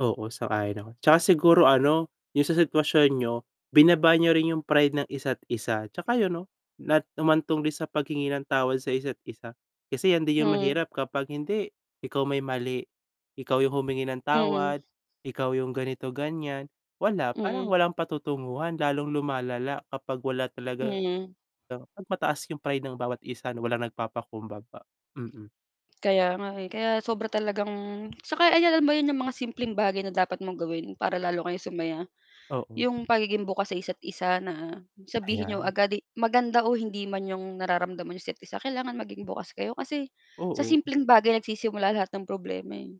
Oo, sang-ayon ako 'tsaka siguro ano 'yung sa sitwasyon niyo, binaba niyo rin yung pride ng isa't isa, 'tsaka 'yun 'no, na humantong din sa paghingi ng tawad sa isa't isa. Kasi 'yan din 'yung Hmm. mahirap kapag, hindi, ikaw may mali, ikaw 'yung humingi ng Mm. tawad, ikaw yung ganito ganiyan. Wala, parang Mm. walang patutunguhan lalong lumalala kapag wala talagang Hmm. 'pag mataas yung pride ng bawat isa na walang nagpapakumbaba. Mm. Kaya nga, eh, kaya sobra talagang 'saka ay, alam mo ba 'yun 'yung mga simpleng bagay na dapat mong gawin para lalo kayo sumaya. Oo. 'Yung pagiging bukas sa isa't isa na sabihin n'yo Ayan. agad i maganda o hindi man 'yung nararamdaman niyo sa isa't isa, kailangan maging bukas kayo kasi, sa Oo. simpleng bagay nagsisimula lahat ng problema, eh.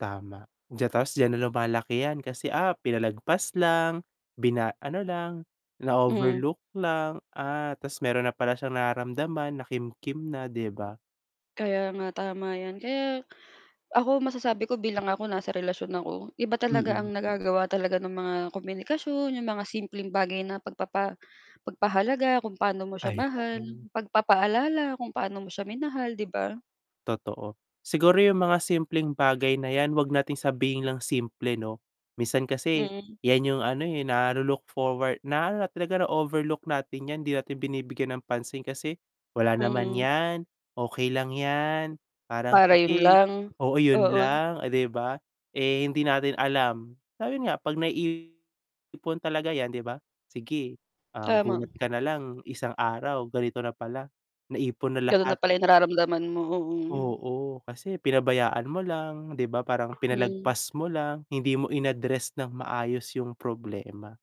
Tama. Diyan tapos diyan na lumalaki yan kasi, ah, pinalagpas lang bina ano lang, na Mhm. overlook lang, ah, ta's mayro'n na pala siyang nararamdaman nakimkim na 'di ba? Kaya nga tama 'yan. Kaya, ako masasabi ko bilang ako nasa relasyon ako, iba talaga Mm. ang nagagawa talaga ng mga komunikasyon 'yong mga simpleng bagay na pagpapa pagpahalaga kung paano mo siya Ay, mahal, hala. pagpapaalala kung paano mo siya minahal 'di ba? Totoo. Siguro 'yung mga simpleng bagay na 'yan 'wag nating sabihin lang simple 'no. Minsan kasi, Mm. 'yan 'yung ano, eh, nalu look forward na talaga na overlook natin 'yan, hindi natin binibigyan ng pansin kasi, wala naman Mm 'yan, okey lang ,yan. Parang Para 'yun sige, lang, oo 'yun oo. lang, eh, 'di ba? Eh, hindi natin alam na ayun nga 'pag naiipon talaga 'yan 'di ba, sige, ah, Tama. gulat ka na lang isang araw ganito na pala, naipon na Gano'n na lahat. pala yung nararamdaman mo, oo. Oo, kasi pinabayaan mo lang 'di ba, parang Hmm. pinalagpas mo lang hindi mo in-address ng maayos yung problema.